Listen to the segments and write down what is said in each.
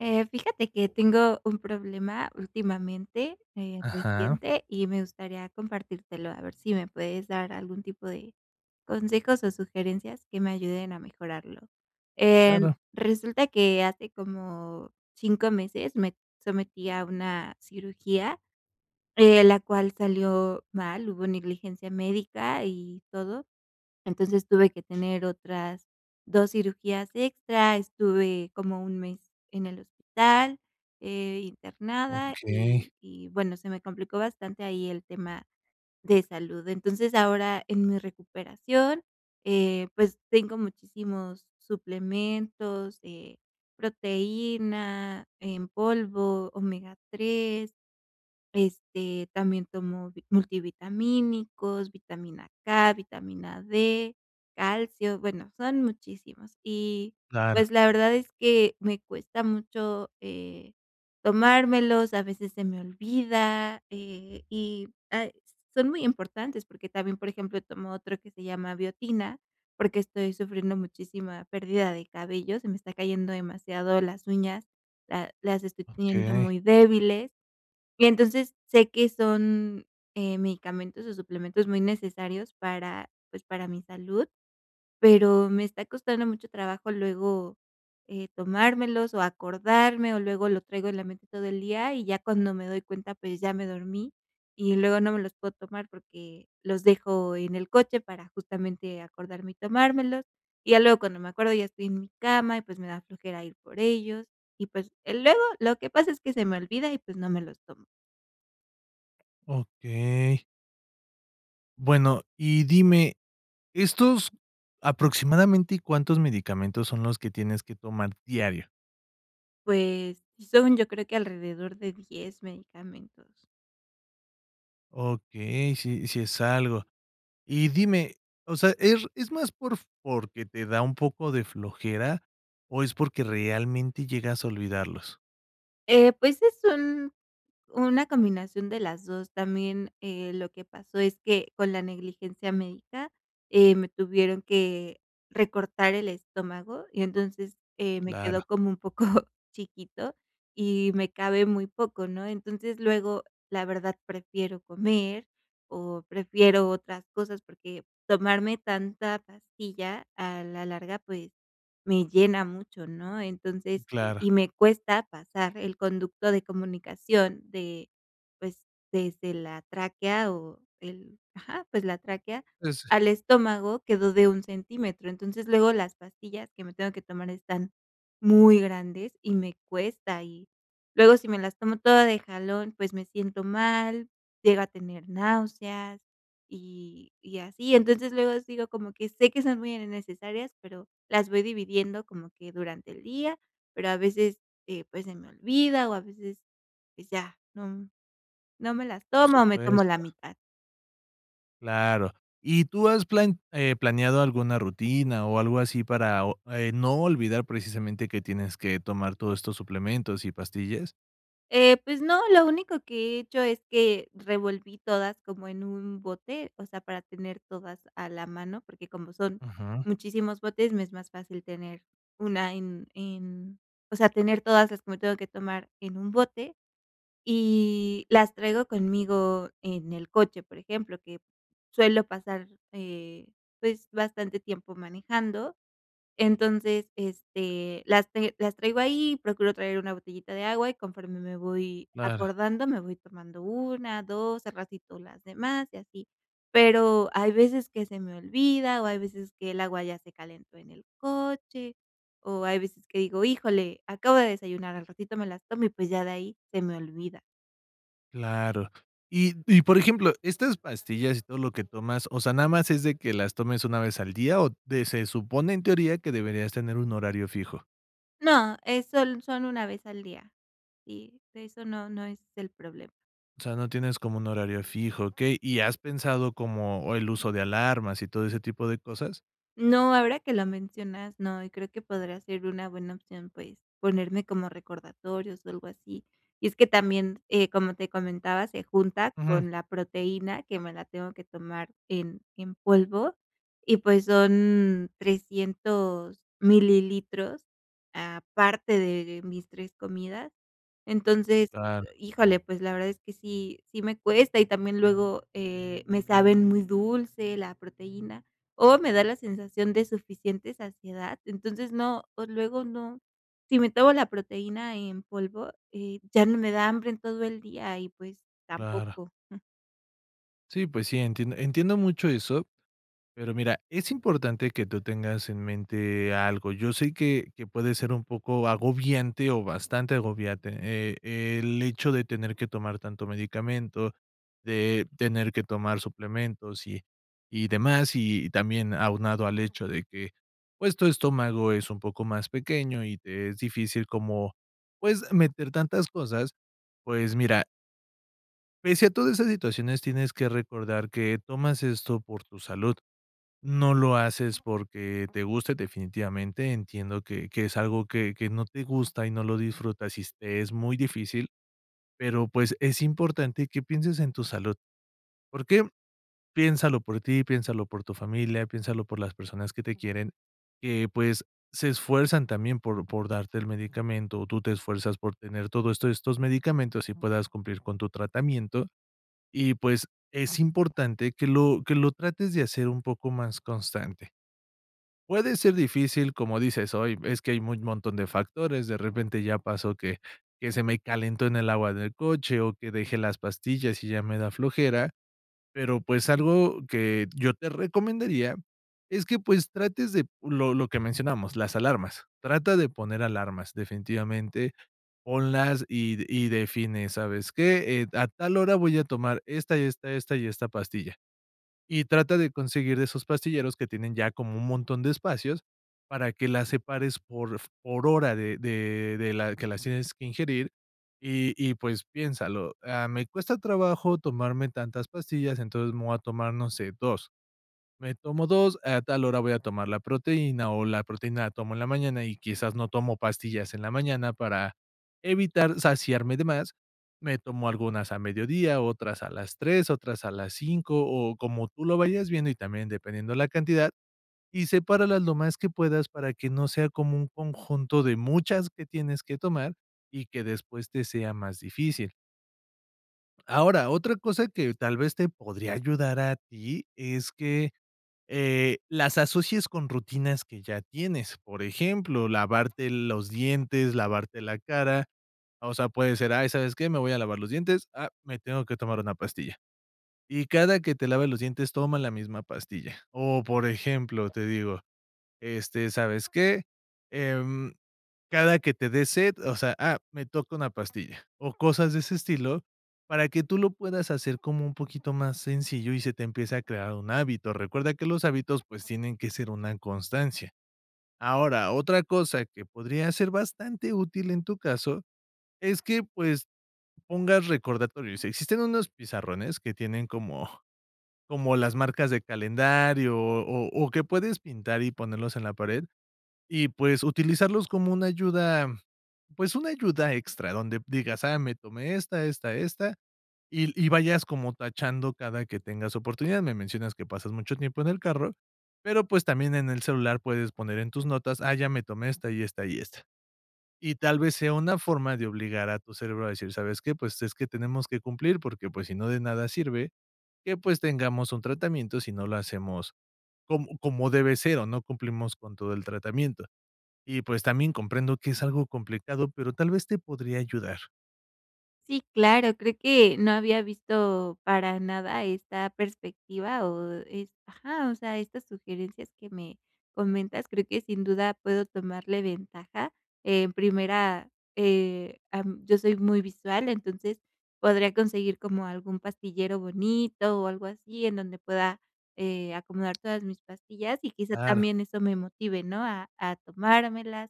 Eh, fíjate que tengo un problema últimamente, eh, Ajá. reciente, y me gustaría compartírtelo, a ver si me puedes dar algún tipo de consejos o sugerencias que me ayuden a mejorarlo. Em, Claro. resulta que hace como 5 meses me sometí a una cirugía, eh, la cual salió mal, hubo negligencia médica y todo. Entonces, tuve que tener otras 2 cirugías extra, estuve como un mes en el hospital, eh, internada, Okey. y y, bueno, se me complicó bastante ahí el tema de salud. Entonces, ahora, en mi recuperación, eh, pues tengo muchísimos suplementos, eh, proteína en polvo, omega 3, este también tomo multivitamínicos, vitamina K, vitamina D, calcio, bueno, son muchísimos. Y, Claro. pues, la verdad es que me cuesta mucho, eh, tomármelos, a veces se me olvida, eh, y, ah, son muy importantes, porque también, por ejemplo, tomo otro que se llama biotina, porque estoy sufriendo muchísima pérdida de cabello se me está cayendo demasiado, las uñas, la las estoy teniendo Okey. muy débiles. Y entonces, sé que son, eh, medicamentos o suplementos muy necesarios para, pues, para mi salud, pero me está costando mucho trabajo luego, eh, tomármelos o acordarme, o luego lo traigo en la mente todo el día, y ya cuando me doy cuenta, pues, ya me dormí, y luego no me los puedo tomar porque los dejo en el coche para justamente acordarme y tomármelos. Y ya luego cuando me acuerdo ya estoy en mi cama y, pues, me da flojera ir por ellos, y pues, luego lo que pasa es que se me olvida y, pues, no me los tomo. Okey. Bueno, y dime, estos ¿aproximadamente cuántos medicamentos son los que tienes que tomar diario? Pues, sí son, yo creo que alrededor de 10 medicamentos. Okey, sí, sí es algo. Y dime, o sea, ¿es es más por porque te da un poco de flojera, o es porque realmente llegas a olvidarlos? Eh, pues, es un una combinación de las 2. También, eh, lo que pasó es que con la negligencia médica, eh, me tuvieron que recortar el estómago, y entonces, eh, me Claro. quedó como un poco chiquito, y me cabe muy poco, ¿no? Entonces, luego, la verdad, prefiero comer o prefiero otras cosas. Porque tomarme tanta pastilla a la larga, pues, me llena mucho, ¿no? Entonces Claro. y me cuesta pasar el conducto de comunicación de, pues, desde la tráquea, o el ajá, pues, la tráquea Ese. al estómago quedó de 1 centímetro. Entonces, luego las pastillas que me tengo que tomar están muy grandes y me cuesta. Y luego, si me las tomo toda de jalón, pues, me siento mal, llego a tener náuseas, y y así. Entonces, luego sigo como que sé que son muy innecesarias, pero las voy dividiendo como que durante el día, pero a veces, eh, pues, se me olvida, o a veces, pues, ya, no no me las Por tomo, o me tomo la supuesto. mitad. Claro, ¿y tú has plan eh, planeado alguna rutina o algo así para o eh, no olvidar, precisamente, que tienes que tomar todos estos suplementos y pastillas? Eh, pues no, lo único que he hecho es que revolví todas como en un bote, o sea, para tener todas a la mano, porque como son Ujú. muchísimos botes, me es más fácil tener una en en, o sea, tener todas las que me tengo que tomar en un bote y las traigo conmigo en el coche, por ejemplo, que suelo pasar, eh, pues bastante tiempo manejando. Entonces, este, las ten las traigo ahí, procuro traer una botellita de agua y conforme me voy Claro. acordando, me voy tomando una, dos, al ratito las demás y así. Pero, hay veces que se me olvida, o hay veces que el agua ya se calentó en el coche, o hay veces que digo: "Híjole, acabo de desayunar al ratito me las tomo y pues ya de ahí se me olvida". Claro. Y y, por ejemplo, estas pastillas y todo lo que tomas, o sea, ¿nada más es de que las tomes una vez al día o, de se supone en teoría, que deberías tener un horario fijo? No, es son son una vez al día, sí, eso no, no es el problema. O sea, no tienes como un horario fijo, okey, ¿y has pensado como el uso de alarmas y todo ese tipo de cosas? No, ahora que lo mencionas, no, y creo que podría ser una buena opción, pues, ponerme como recordatorios o algo así, y es que también, eh, como te comentaba, se junta Ujú. con la proteína que me la tengo que tomar en en polvo, y pues, son 300 mililitros aparte de mis 3 comidas, entonces, Claro. híjole, pues, la verdad es que sí, sí me cuesta, y también luego, eh, me saben muy dulce la proteína, o me da la sensación de suficiente saciedad, entonces no, o luego no, si me tomo la proteína en polvo, eh, ya no me da hambre en todo el día, y pues Claro. tampoco, mm. Sí, pues sí, entien entiendo mucho eso, pero mira, es importante que tú tengas en mente algo, yo sé que, que puede ser un poco agobiante, o bastante agobiante, eh, el hecho de tener que tomar tanto medicamento, de tener que tomar suplementos y y demás, y también aunado al hecho de que, pues, tu estómago es un poco más pequeño y te es difícil como, pues, meter tantas cosas, pues, mira pese a todas esas situaciones, tienes que recordar que tomas esto por tu salud, no lo haces porque te guste definitivamente, entiendo que que es algo que que no te gusta y no lo disfrutas, y te es muy difícil, pero, pues, es importante que pienses en tu salud, ¿por qué?, piénsalo por ti, piénsalo por tu familia, piénsalo por las personas que te quieren, que pues, se esfuerzan también por, por darte el medicamento, tú te esfuerzas por tener todo esto estos medicamentos y puedas cumplir con tu tratamiento, y pues, es importante que lo que lo trates de hacer un poco más constante puede ser difícil, como dices: "Ay, es que hay muy montón de factores, de repente ya pasó que que se me calentó en el agua del coche o que dejé las pastillas y ya me da flojera", pero, pues, algo que yo te recomendaría es que, pues, trates de lo lo que mencionamos, las alarmas, trata de poner alarmas, definitivamente, ponlas y y define: "¿Sabes qué?, eh, a tal hora voy a tomar esta y esta, esta y esta pastilla", y trata de conseguir esos pastilleros que tienen ya como un montón de espacios para que las separes por por hora de de de la que las tienes que ingerir y y, pues piénsalo: "Ah, me cuesta trabajo tomarme tantas pastillas, entonces, me voy a tomar, no sé, 2, me tomo 2 a tal hora voy a tomar la proteína, o la proteína la tomo en la mañana, y quizás no tomo pastillas en la mañana, para evitar saciarme de más, me tomo algunas a mediodía, otras a las 3, otras a las 5," o como tú lo vayas viendo, y también dependiendo la cantidad, y sepáralas lo más que puedas, para que no sea como un conjunto de muchas que tienes que tomar, y que después te sea más difícil. Ahora, otra cosa que tal vez te podría ayudar a ti es que, eh, las asocies con rutinas que ya tienes. Por ejemplo, lavarte los dientes, lavarte la cara, o sea, puede ser: "Ay, ¿sabes qué? Me voy a lavar los dientes, ah, me tengo que tomar una pastilla". Y cada que te laves los dientes toma la misma pastilla. O, por ejemplo, te digo: "Este, ¿sabes qué? Em, cada que te dé sed, o sea, ah, me toca una pastilla". O cosas de ese estilo, para que tú lo puedas hacer como un poquito más sencillo y se te empiece a crear un hábito. Recuerda que los hábitos, pues, tienen que ser una constancia. Ahora, otra cosa que podría ser bastante útil en tu caso es que, pues, pongas recordatorios. Existen unos pizarrones que tienen como como las marcas de calendario o o o que puedes pintar y ponerlos en la pared, y pues utilizarlos como una ayuda, pues, una ayuda extra, donde digas: "Ah, me tomé esta, esta, esta", y l y vayas como tachando cada que tengas oportunidad. Me mencionas que pasas mucho tiempo en el carro, pero, pues, también en el celular puedes poner en tus notas: "Ah, ya me tomé esta y esta y esta". Y tal vez sea una forma de obligar a tu cerebro a decir: "¿Sabes qué? Pues, es que tenemos que cumplir porque, pues, si no, de nada sirve que, pues, tengamos un tratamiento si no lo hacemos com como debe ser o no cumplimos con todo el tratamiento. Y, pues, también comprendo que es algo complicado, pero tal vez te podría ayudar. Sí, claro, creo que no había visto para nada esta perspectiva, o es ajá, o sea, estas sugerencias que me comentas, creo que sin duda puedo tomarle ventaja. En primera, eh, am, yo soy muy visual, entonces, podría conseguir como algún pastillero bonito o algo así. En donde pueda, eh, acomodar todas mis pastillas, y quizá Claro. también eso me motive, ¿no? A a tomármelas,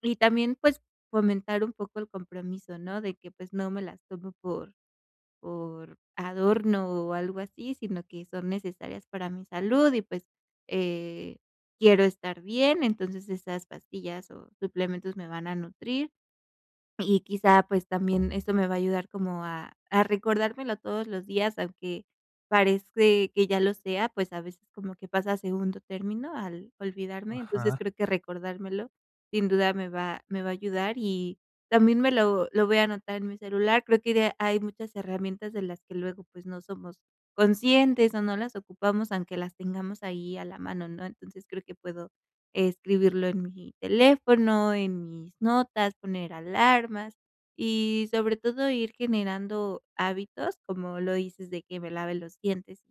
y también, pues, fomentar un poco el compromiso, ¿no? De que, pues, no me las tomo por por adorno o algo así, sino que son necesarias para mi salud, y pues, eh, quiero estar bien. Entonces esas pastillas, o suplementos me van a nutrir. Y quizá, pues, también eso me va a ayudar como a a recordármelo todos los días, aunque parece que ya lo sea. Pues a veces como que pasa a segundo término al olvidarme, entonces Ajá. creo que recordármelo sin duda me va me va a ayudar, y también me lo lo voy a anotar en mi celular. Creo que de hay muchas herramientas de las que luego pues no somos conscientes o no las ocupamos aunque las tengamos ahí a la mano, ¿no? Entonces, creo que puedo escribirlo en mi teléfono, en mis notas, poner alarmas, y sobre todo ir generando hábitos, como lo dices de que me lave los dientes,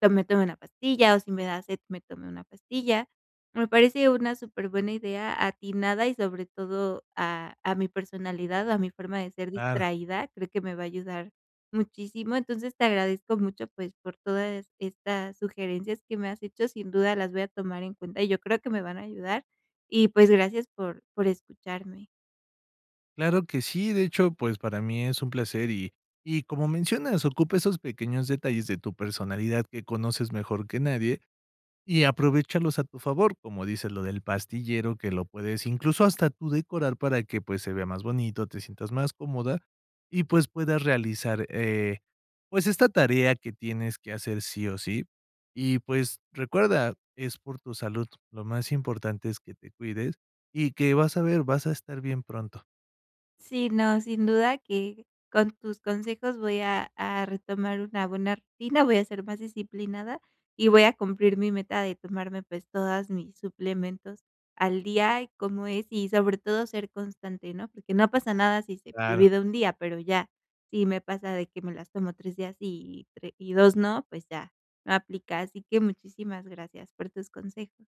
pues, me tomo una pastilla, o si me da sed me tome una pastilla. Me parece una superbuena idea atinada y sobre todo a a mi personalidad, a mi forma de ser Claro. distraída, creo que me va a ayudar muchísimo. Entonces, te agradezco mucho pues, por toda es estas sugerencias que me has hecho, sin duda las voy a tomar en cuenta, y yo creo que me van a ayudar, y pues, gracias por por escucharme. Claro que sí, de hecho, pues, para mí es un placer, y y, como mencionas, ocupa esos pequeños detalles de tu personalidad que conoces mejor que nadie, y aprovéchalos a tu favor, como dices lo del pastillero, que lo puedes, incluso, hasta tú decorar para que, pues, se vea más bonito, te sientas más cómoda. Y, pues, puedas realizar, eh, pues, esta tarea que tienes que hacer sí o sí. Y, pues, recuerda, es por tu salud, lo más importante es que te cuides y que vas a ver, vas a estar bien pronto. Sí, no, sin duda que con tus consejos voy a a retomar una buena rutina, voy a ser más disciplinada, y voy a cumplir mi meta de tomarme, pues, todas mis suplementos al día. Y cómo es, y sobre todo ser constante, ¿no?, porque no pasa nada si se me Claro. olvida 1 día, pero ya, si me pasa de que me las tomo 3 días sí, y 3 y 2 no, pues ya, no aplica. Así que muchísimas gracias por tus consejos.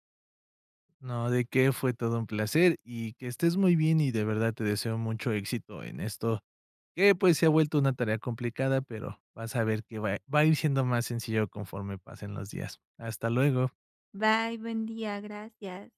No, ¿de qué?, fue todo un placer. Y que estés muy bien y de verdad te deseo mucho éxito en esto, que, pues, se ha vuelto una tarea complicada, pero vas a ver que va i va a ir siendo más sencillo conforme pasen los días. Hasta luego. Bye, buen día, gracias.